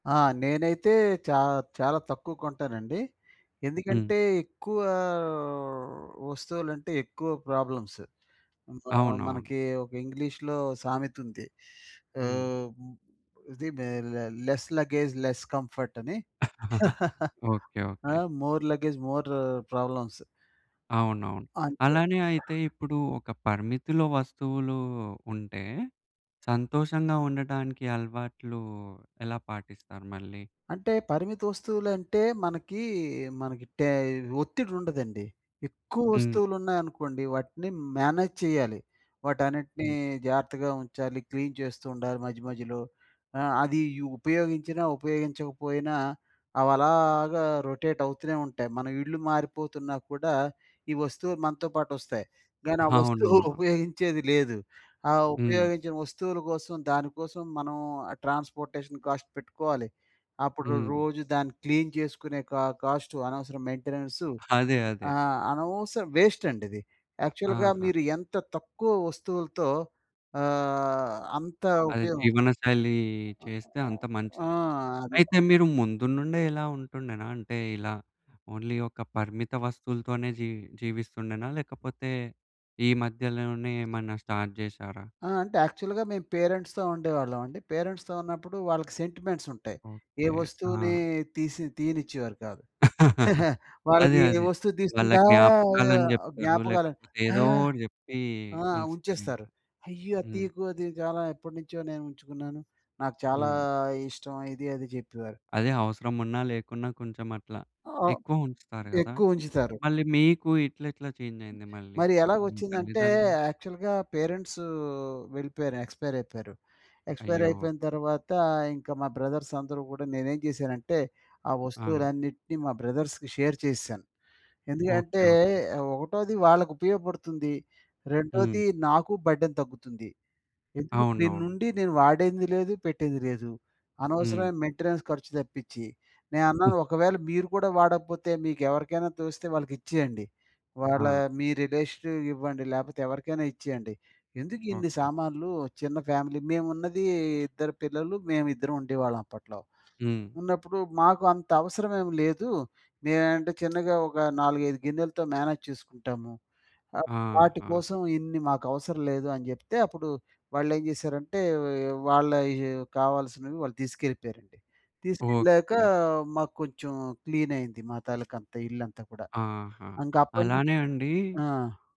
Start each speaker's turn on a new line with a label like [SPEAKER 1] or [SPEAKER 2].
[SPEAKER 1] ఆ నేనైతే చా చాలా తక్కువ కొంటానండి.
[SPEAKER 2] హ్మ్.
[SPEAKER 1] ఎందుకంటే ఎక్కువ వస్తువులంటే, ఎక్కువ ప్రాబ్లమ్స్. మా
[SPEAKER 2] అవునవును.
[SPEAKER 1] మనకి ఒక ఇంగ్లీష్‌లో సామెతుంది.
[SPEAKER 2] హ్మ్.
[SPEAKER 1] ఆహ్, ఇది లె లె లెస్ లగేజ్, లెస్ కంఫర్ట్ అని.
[SPEAKER 2] ఓకే.
[SPEAKER 1] ఆ!
[SPEAKER 2] Okay.
[SPEAKER 1] More luggage more problems.
[SPEAKER 2] అవునవును.
[SPEAKER 1] అంతే.
[SPEAKER 2] అలానే అయితే ఇప్పుడు ఒక పరిమితిలో వస్తువులు ఉంటే, సంతోషంగా ఉండటానికి అలవాట్లు ఎలా పాటిస్తారు మళ్ళీ?
[SPEAKER 1] అంటే పరిమిత వస్తువులంటే మనకి, మనకి టే ఒత్తిడి ఉండదండి. ఎక్కువ
[SPEAKER 2] హ్మ్.
[SPEAKER 1] వస్తువులున్నాయనుకోండి, వాటిని మేనేజ్ చెయ్యాలి. వాటన్నిటిని
[SPEAKER 2] హ్మ్.
[SPEAKER 1] జాగ్రత్తగా ఉంచాలి. క్లీన్ చేస్తూ ఉండాలి. మధ్య, మధ్యలో ఆ! అది యు ఉపయోగించినా, ఉపయోగించకపోయినా అవలాగా రొటేట్ అవుతూనే ఉంటాయి. మన ఇల్లు మారిపోతున్నా కూడా, ఈ వస్తువులు మనతో పాటొస్తాయి, గానీ ఆ వస్తువు
[SPEAKER 2] అవునవును.
[SPEAKER 1] ఉపయోగించేది లేదు. ఆ
[SPEAKER 2] హ్మ్.
[SPEAKER 1] ఉపయోగించిన వస్తువుల కోసం దానికోసం మనం ట్రాన్స్‌పోర్ట్‌షన్ కాస్ట్ పెట్టుకోవాలి. అప్పుడు
[SPEAKER 2] హ్మ్.
[SPEAKER 1] రోజు దాన్ని క్లీన్ జేసుకునే క కాస్ట్ అనవసరం మెయింటెనెన్స్‌
[SPEAKER 2] అదే! అదే.
[SPEAKER 1] ఆ! అనవసర వేస్ట్ అండి ఇది. యాక్చువల్‌గా
[SPEAKER 2] ఆహా!
[SPEAKER 1] మీరు ఎంత తక్కువ వస్తువులతో ఆహ్, అంత
[SPEAKER 2] అదే
[SPEAKER 1] ఉపయోగం.
[SPEAKER 2] జీవనశైలి
[SPEAKER 1] ఆహ్,
[SPEAKER 2] చేస్తే అంత
[SPEAKER 1] ఆ!
[SPEAKER 2] మంచిది.
[SPEAKER 1] అది.
[SPEAKER 2] అయితే మీరు ముందు నుండే ఇలా ఉంటుండేనా? అంటే, ఇలా ఓన్లీ ఒక పరిమిత వస్తువులతోనే జీ జీవిస్తుండేనా? లేకపోతే ఈ మధ్యలోనే ఏమన్నా స్టార్ట్ జెశారా?
[SPEAKER 1] ఆ! అంటే యాక్చువల్‌గా మేం పేరెంట్స్‌తో ఉండేవాళ్ళమండి. పేరెంట్స్‌తో ఉన్నప్పుడు వాళ్ళకి సెంటిమెంట్స్ ఉంటాయి. ఏ
[SPEAKER 2] ఓకే.
[SPEAKER 1] వస్తువుని
[SPEAKER 2] ఆ!
[SPEAKER 1] తీసి తీయనిచ్చేవారు కాదు.
[SPEAKER 2] అదే.
[SPEAKER 1] వాళ్ళకి ఏ
[SPEAKER 2] అదే.
[SPEAKER 1] వస్తువు
[SPEAKER 2] వాళ్ళ
[SPEAKER 1] దీసుకుంటే ఆహ్,
[SPEAKER 2] జ్ఞాపకాలు అని జెప్తారు.
[SPEAKER 1] జ్ఞాపకాలు
[SPEAKER 2] లేకపోతే
[SPEAKER 1] ఆహ్
[SPEAKER 2] ఏదోటి జెప్పి
[SPEAKER 1] ఆ!
[SPEAKER 2] ఉంచుతారింక.
[SPEAKER 1] ఉంచేస్తారు. అయ్యో! అది
[SPEAKER 2] హ్మ్.
[SPEAKER 1] తియ్యకు అది చాలా ఎప్పటినుంచో నేను ఉంచుకున్నాను. నాకు చాలా
[SPEAKER 2] హ్మ్.
[SPEAKER 1] ఇష్టం. ఇది, అది జెప్పేవారు.
[SPEAKER 2] అదే. అవసరం ఉన్నా లేకున్నా కొంచెం అట్లా
[SPEAKER 1] ఆహ్,
[SPEAKER 2] ఎక్కువ ఉంచుతారు గదా!
[SPEAKER 1] ఎక్కువుంచుతారు.
[SPEAKER 2] మళ్ళీ మీకు ఇట్లా ఎట్లా చేంజయింది మళ్ళీ?
[SPEAKER 1] మరి ఎలాగ
[SPEAKER 2] మీ
[SPEAKER 1] ఒచ్చిందంటే,
[SPEAKER 2] తల్లిదండ్రులు
[SPEAKER 1] యాక్చువల్‌గా పేరెంట్స్ వెళ్ళిపోయారు ఎక్స్పైర్ అయిపోయారు. ఎక్స్‌పైర్
[SPEAKER 2] అయ్యో!
[SPEAKER 1] అయిపోయిన తర్వాత, ఇంక మా బ్రదర్స్ అందరూ గూడా నేనేం జేశానంటే, ఆ
[SPEAKER 2] ఆ!
[SPEAKER 1] వస్తువులన్నిటిని మా బ్రదర్స్‌కి షేర్ చేసేశాను.
[SPEAKER 2] ఓకే.
[SPEAKER 1] ఎందుకంటే
[SPEAKER 2] ఓకే.
[SPEAKER 1] ఒకటోది వాళ్ళకి ఉపయోగపడుతుంది.
[SPEAKER 2] హ్మ్.
[SPEAKER 1] రెండోది నాకు బర్డెన్ తగ్గుతుంది. ఎందుకు
[SPEAKER 2] అవునవును.
[SPEAKER 1] ఇప్పుడిన్నుండి నేను వాడింది లేదు పెట్టింది లేదు.
[SPEAKER 2] హ్మ్.
[SPEAKER 1] అనవసరమైన మెయింటెనెన్స్ ఖర్చు తప్పిచి. నేను
[SPEAKER 2] హ్మ్.
[SPEAKER 1] అన్నాను ఒకవేళ మీరు కూడా వాడకపోతే మీకెవరికైనా తోస్తే వాళ్ళకి ఇచ్చేయండి. వాళ్ళ
[SPEAKER 2] ఆ!
[SPEAKER 1] మీ రిలేషను ఇవ్వండి లేపోతే ఎవరికైనా ఇచ్చేయండి. ఎందుకు ఇన్ని
[SPEAKER 2] ఓకే.
[SPEAKER 1] సామాన్లు చిన్న ఫ్యామిలీ. మేమున్నది ఇద్దరు పిల్లలు. మేము ఇద్దరం ఉండేవాళ్ళం అప్పట్లో.
[SPEAKER 2] హ్మ్.
[SPEAKER 1] ఉన్నప్పుడు మాకు అంత అవసరమేం లేదు. నేనంటే చిన్నగా ఒక 4, 5 గిన్నెలతో మేనేజ్ చేసుకుంటాము. ఆహ్,
[SPEAKER 2] ఆహా!
[SPEAKER 1] వాటికోసం ఇన్ని మాకు అవసరం లేదు అని జెప్తే, అప్పుడు వాళ్ళేం జేసారంటే ఎఒ ఎఒ వాళ్ళ ఎఒ కావాల్సినవి వాళ్ళు తీసుకెళ్ళిపోయారండి. తీసుకెళ్ళాక
[SPEAKER 2] ఓకే.
[SPEAKER 1] మాకు కొంచెం క్లీన్ అయ్యింది. మా తాలూకా అంతా ఇల్లంతా కూడా.
[SPEAKER 2] ఆహా!
[SPEAKER 1] ఇంకా అప్పటినుంచి
[SPEAKER 2] అలానే అండి
[SPEAKER 1] ఆ!